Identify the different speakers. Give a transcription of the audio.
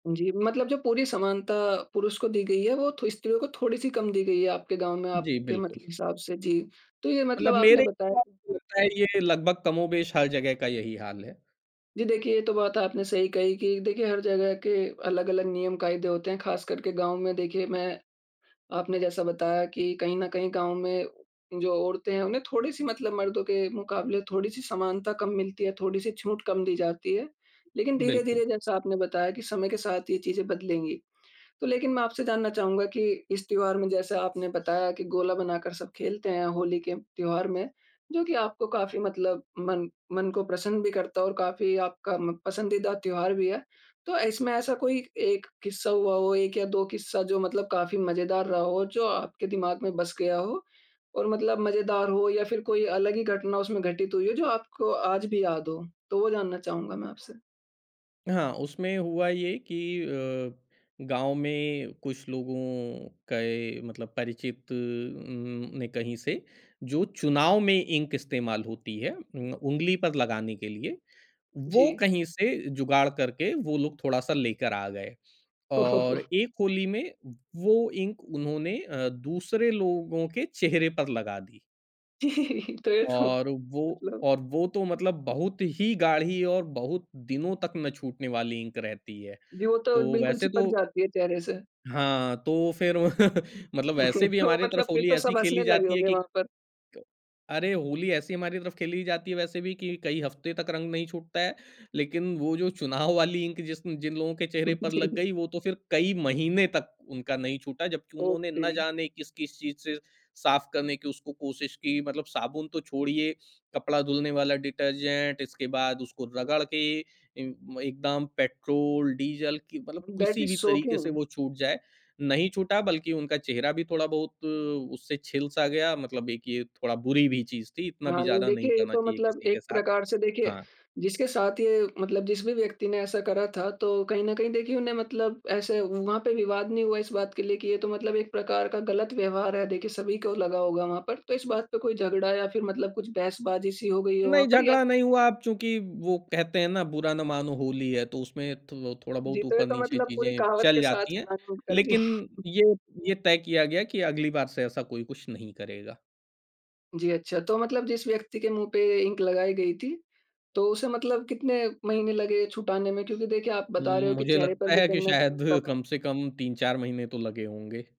Speaker 1: जी, मतलब जो पूरी समानता पुरुष को दी गई है, वो थो स्त्रियों को थोड़ी-सी कम दी गई है आपके गाँव में,
Speaker 2: जी,
Speaker 1: आपके मत
Speaker 2: बिल्कुल।
Speaker 1: हिसाब से, जी। तो ये मतलब
Speaker 2: मतलब
Speaker 1: आपने
Speaker 2: मेरे को
Speaker 1: बताया
Speaker 2: लगता है ये लगभग कमोबेश हर जगह का यही हाल है।
Speaker 1: जी, देखिए ये तो बात आपने सही कही कि देखिए हर जगह के अलग-अलग नियम-कायदे होते हैं, ख़ास कर के गाँव में देखिए मैं आपने जैसा बताया कि कहीं न कहीं गाँव में जो औरतें हैं, उन्हें थोड़ी-सी मतलब मर्दों के मुकाबले थोड़ी-सी समानता कम मिलती है, थोड़ी-सी छूट कम दी जाती है। लेकिन
Speaker 2: बिल्कुल।
Speaker 1: धीरे-धीरे जैसा आपने बताया कि समय के साथ ये चीज़ें बदलेंगी। तो लेकिन मैं आपसे जानना चाहूँगा कि इस त्योहार में जैसे आपने बताया कि गोला बनाकर सब खेलते हैं, होली के त्योहार में, जो कि आपको काफ़ी मतलब मन मन को प्रसन्न भी करता है और काफ़ी आपका म पसंदीदा त्योहार भी है। तो इसमें ऐसा कोई 1 किस्सा हुआ हो, 1 या 2 किस्सा जो मतलब काफ़ी मजेदार रहा हो जो आपके दिमाग में बस गया हो और मतलब मजेदार हो या फिर कोई अलग ही घटना उसमें घटित हुई हो जो आपको आज भी याद हो? तो वो जानना चाहूँगा मैं आपसे।
Speaker 2: हाँ, उसमें हुआ ये कि अ, गाँव में कुछ लोगों के मतलब परिचित उम, ने कहीं से जो चुनाव में इंक इस्तेमाल होती है उम, उँगली पर लगाने के लिए, वो
Speaker 1: जी।
Speaker 2: कहीं से जुगाड़ करके वो लोग थोड़ा-सा लेकर आ गए और एक होली में वो इंक उन्होंने अ, दूसरे लोगों के चेहरे पर लगा दी।
Speaker 1: जी, तो ये तो
Speaker 2: और वो
Speaker 1: मतलब
Speaker 2: और वो तो मतलब बहुत ही गाढ़ी और बहुत दिनों तक ना छूटने वाली इंक रहती है।
Speaker 1: जी, वो तो
Speaker 2: तो
Speaker 1: बिल्कुल
Speaker 2: वैसे
Speaker 1: चिपक
Speaker 2: तो
Speaker 1: जाती है चेहरे से।
Speaker 2: हाँ, तो फिर मतलब वैसे भी
Speaker 1: तो
Speaker 2: हमारी
Speaker 1: मतलब,
Speaker 2: तरफ
Speaker 1: फिर
Speaker 2: होली
Speaker 1: तो
Speaker 2: ऐसी
Speaker 1: सब
Speaker 2: खेली
Speaker 1: हँसने लगे
Speaker 2: जाती है
Speaker 1: होंगे
Speaker 2: कि,
Speaker 1: वहाँ पर।
Speaker 2: क अरे! होली ऐसी हमारी तरफ खेली जाती है वैसे भी कि कई हफ्ते तक रंग नहीं छूटता है। लेकिन वो जो चुनाव वाली इंक जिस जिन लोगों के चेहरे पर लग
Speaker 1: जी।
Speaker 2: गई, वो तो फिर कई महीने तक उनका नहीं छूटा, जबकि
Speaker 1: ओह
Speaker 2: उन्होंने ना
Speaker 1: तेरी!
Speaker 2: जाने किस-किस चीज़ से साफ करने की उसको कोशिश की मतलब साबुन तो छोड़िए, कपड़ा धुलने वाला डिटर्जेंट इसके बाद उसको रगड़ के ए एकदाम पेट्रोल, डीजल कि मतलब
Speaker 1: दैट
Speaker 2: किसी भी
Speaker 1: इज
Speaker 2: तरीके से
Speaker 1: शॉकिंग।
Speaker 2: वो छूट जाए, नहीं छूटा बल्कि उनका चेहरा भी थोड़ा-बहुत उससे छिल सा गया मतलब एक ये थोड़ा बुरी भी चीज़ थी, इतना
Speaker 1: हाँ,
Speaker 2: भी
Speaker 1: नहीं,
Speaker 2: ज़्यादा नहीं
Speaker 1: देखिए ये
Speaker 2: करना
Speaker 1: तो
Speaker 2: चाहिए
Speaker 1: मतलब
Speaker 2: किसी के
Speaker 1: एक
Speaker 2: साथ।
Speaker 1: प्रकार से देखिए
Speaker 2: हाँ।
Speaker 1: जिसके साथ ये मतलब जिस भी व्यक्ति ने ऐसा करा था, तो कहीं न कहीं देखिए उन्हें मतलब ऐसे वहाँ पे विवाद नहीं हुआ इस बात के लिए कि ये तो मतलब एक प्रकार का गलत व्यवहार है, देखिए सभी को लगा होगा वहाँ पर, तो इस बात पे कोई झगड़ा या फिर मतलब कुछ बहसबाजी सी हो गई हो वहाँ
Speaker 2: नहीं
Speaker 1: पर? या
Speaker 2: झगड़ा
Speaker 1: फिर
Speaker 2: नहीं हुआ, अब चूँकि वो कहते हैं ना बुरा ना मानो होली है, तो उसमें थो
Speaker 1: जी,
Speaker 2: थोड़ा-बहुत
Speaker 1: तो ये तो
Speaker 2: ऊपर-नीचे
Speaker 1: मतलब पूरी
Speaker 2: चीज़ें
Speaker 1: कहावत के
Speaker 2: चल
Speaker 1: साथ
Speaker 2: जाती हैं।
Speaker 1: प्लान [unintelligible] कर दी।
Speaker 2: लेकिन ये ये, तय किया गया कि अगली बार से ऐसा कोई कुछ नहीं करेगा।
Speaker 1: जी, अच्छा तो मतलब जिस व्यक्ति के मुँह पे इंक लगाई गई थी, तो उसे मतलब कितने महीने लगे छुटाने में? क्योंकि देखिए आप बता रहे
Speaker 2: उम,
Speaker 1: हो कि
Speaker 2: मुझे
Speaker 1: चेहरे पर
Speaker 2: लगता
Speaker 1: भी
Speaker 2: है कि
Speaker 1: कहीं न
Speaker 2: शायद
Speaker 1: कहीं प्रभाव
Speaker 2: कम से कम तीन-चार महीने तो लगे होंगे।